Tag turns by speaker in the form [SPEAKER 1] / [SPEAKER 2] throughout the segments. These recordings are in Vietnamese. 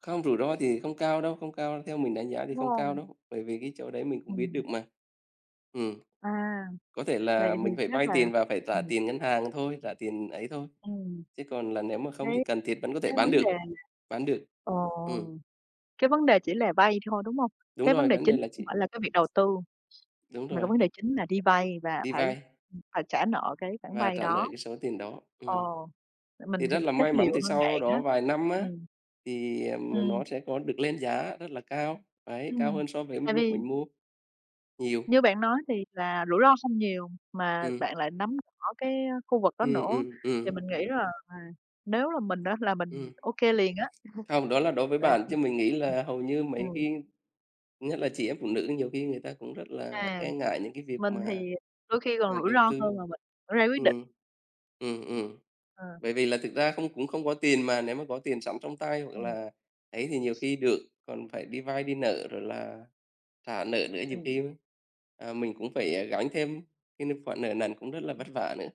[SPEAKER 1] Không, rủi ro thì không cao đâu, không cao, theo mình đánh giá thì không cao
[SPEAKER 2] [unintelligible]
[SPEAKER 1] đâu, bởi vì cái chỗ đấy mình cũng biết
[SPEAKER 2] Ừm.
[SPEAKER 1] được mà. Ừm.
[SPEAKER 2] À,
[SPEAKER 1] Có thể
[SPEAKER 2] vậy
[SPEAKER 1] là
[SPEAKER 2] thì
[SPEAKER 1] mình phải
[SPEAKER 2] chắc
[SPEAKER 1] vay
[SPEAKER 2] là
[SPEAKER 1] tiền và phải trả
[SPEAKER 2] ừm.
[SPEAKER 1] tiền ngân hàng thôi, trả tiền ấy thôi.
[SPEAKER 2] Ừm.
[SPEAKER 1] Chứ còn là nếu mà không
[SPEAKER 2] Thấy
[SPEAKER 1] thì cần thiết vẫn có thể
[SPEAKER 2] cái
[SPEAKER 1] bán
[SPEAKER 2] vấn đề
[SPEAKER 1] được.
[SPEAKER 2] mà
[SPEAKER 1] Bán được. Ừm.
[SPEAKER 2] ồ, cái vấn đề chỉ là vay thôi, đúng hông?
[SPEAKER 1] Đúng
[SPEAKER 2] Cái vấn
[SPEAKER 1] rồi,
[SPEAKER 2] đề
[SPEAKER 1] vấn đề
[SPEAKER 2] chính
[SPEAKER 1] là
[SPEAKER 2] không
[SPEAKER 1] chị
[SPEAKER 2] phải là cái việc đầu tư,
[SPEAKER 1] đúng
[SPEAKER 2] mà cái
[SPEAKER 1] rồi.
[SPEAKER 2] vấn đề chính là đi vay và
[SPEAKER 1] Đi
[SPEAKER 2] phải,
[SPEAKER 1] vay.
[SPEAKER 2] ừm, phải trả nợ cái khoản
[SPEAKER 1] Và
[SPEAKER 2] vay
[SPEAKER 1] trả nợ
[SPEAKER 2] đó.
[SPEAKER 1] cái số tiền đó. Ừm.
[SPEAKER 2] Ồ. Tại mình
[SPEAKER 1] Thì
[SPEAKER 2] thì
[SPEAKER 1] rất là
[SPEAKER 2] chắc
[SPEAKER 1] may mắn
[SPEAKER 2] nhiều
[SPEAKER 1] thì
[SPEAKER 2] hơn bạn
[SPEAKER 1] sau
[SPEAKER 2] á.
[SPEAKER 1] đó vài năm á,
[SPEAKER 2] Ừm.
[SPEAKER 1] thì, à, n nó
[SPEAKER 2] Ừm.
[SPEAKER 1] sẽ có được lên giá rất là cao, đấy cao
[SPEAKER 2] Ừm.
[SPEAKER 1] hơn so với
[SPEAKER 2] Tại
[SPEAKER 1] lúc
[SPEAKER 2] vì
[SPEAKER 1] mình mua nhiều.
[SPEAKER 2] Như bạn nói thì là rủi ro không nhiều, mà
[SPEAKER 1] Ừm.
[SPEAKER 2] bạn lại nắm rõ cái, a, khu vực đó
[SPEAKER 1] Ừm,
[SPEAKER 2] nữa
[SPEAKER 1] ừm,
[SPEAKER 2] thì
[SPEAKER 1] ừm.
[SPEAKER 2] mình nghĩ là, à, nếu là mình á là mình
[SPEAKER 1] Ừm.
[SPEAKER 2] ô kê liền á,
[SPEAKER 1] Hông, đó là đối với
[SPEAKER 2] tại
[SPEAKER 1] bạn,
[SPEAKER 2] vì
[SPEAKER 1] chứ mình nghĩ
[SPEAKER 2] ừm,
[SPEAKER 1] là hầu như mấy
[SPEAKER 2] ừm.
[SPEAKER 1] cái thứ nhất là chị em phụ nữ nhiều khi người ta cũng rất là
[SPEAKER 2] À,
[SPEAKER 1] e ngại những cái việc
[SPEAKER 2] mình thì
[SPEAKER 1] mà,
[SPEAKER 2] đôi khi còn
[SPEAKER 1] ờ,
[SPEAKER 2] rủi
[SPEAKER 1] đầu
[SPEAKER 2] ro
[SPEAKER 1] tư.
[SPEAKER 2] hơn là mình ra quyết định.
[SPEAKER 1] Ừm. Ừm, ừm.
[SPEAKER 2] Ừm.
[SPEAKER 1] Bởi vì là thực ra không cũng không có tiền mà, nếu mà có tiền sẵn trong tay, hoặc
[SPEAKER 2] Ừm.
[SPEAKER 1] là ấy thì nhiều khi được, còn phải đi vay đi nợ rồi là trả nợ nữa nhiều
[SPEAKER 2] Ừm.
[SPEAKER 1] khi, ưm, à, mình cũng phải, à, gánh thêm cái n khoản nợ nần cũng rất là
[SPEAKER 2] Ừm.
[SPEAKER 1] vất vả nữa.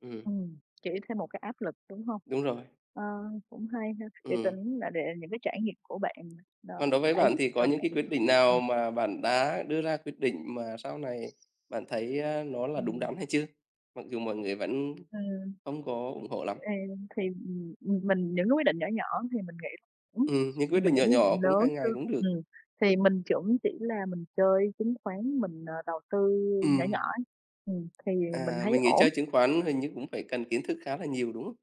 [SPEAKER 1] Ừm.
[SPEAKER 2] Ừm. Chỉ thêm một cái áp lực, đúng hông?
[SPEAKER 1] Đúng rồi.
[SPEAKER 2] Ờ, cũng hay ha, để
[SPEAKER 1] Ừm.
[SPEAKER 2] tính là để những cái trải nghiệm của bạn đ
[SPEAKER 1] Còn đối với
[SPEAKER 2] đã
[SPEAKER 1] bạn
[SPEAKER 2] giúp
[SPEAKER 1] thì có
[SPEAKER 2] cho
[SPEAKER 1] những cái
[SPEAKER 2] bạn
[SPEAKER 1] quyết định
[SPEAKER 2] ừm.
[SPEAKER 1] nào mà bạn đã đưa ra quyết định mà sau này bạn thấy, ơ, nó là đúng
[SPEAKER 2] Ừm.
[SPEAKER 1] đắn hay chưa? Mặc dù mọi người vẫn
[SPEAKER 2] Ừm.
[SPEAKER 1] không có ủng hộ lắm.
[SPEAKER 2] Ừ, thì, ừm, mình những cái quyết định nhỏ nhỏ thì mình nghĩ [unintelligible]
[SPEAKER 1] Ừm, những quyết
[SPEAKER 2] mà
[SPEAKER 1] định
[SPEAKER 2] những
[SPEAKER 1] nhỏ
[SPEAKER 2] quyết
[SPEAKER 1] nhỏ,
[SPEAKER 2] định
[SPEAKER 1] cũng
[SPEAKER 2] lớn
[SPEAKER 1] hàng
[SPEAKER 2] chứ,
[SPEAKER 1] ngày cũng được.
[SPEAKER 2] ừm, thì mình cũng chỉ là mình chơi chứng khoán mình, ờ, đầu tư nhỏ nhỏ
[SPEAKER 1] Ừm.
[SPEAKER 2] ấy, ừm, thì mình
[SPEAKER 1] À,
[SPEAKER 2] thấy
[SPEAKER 1] mình nghĩ chơi
[SPEAKER 2] ổn.
[SPEAKER 1] chứng khoán hình như cũng phải cần kiến thức khá là nhiều, đúng hông?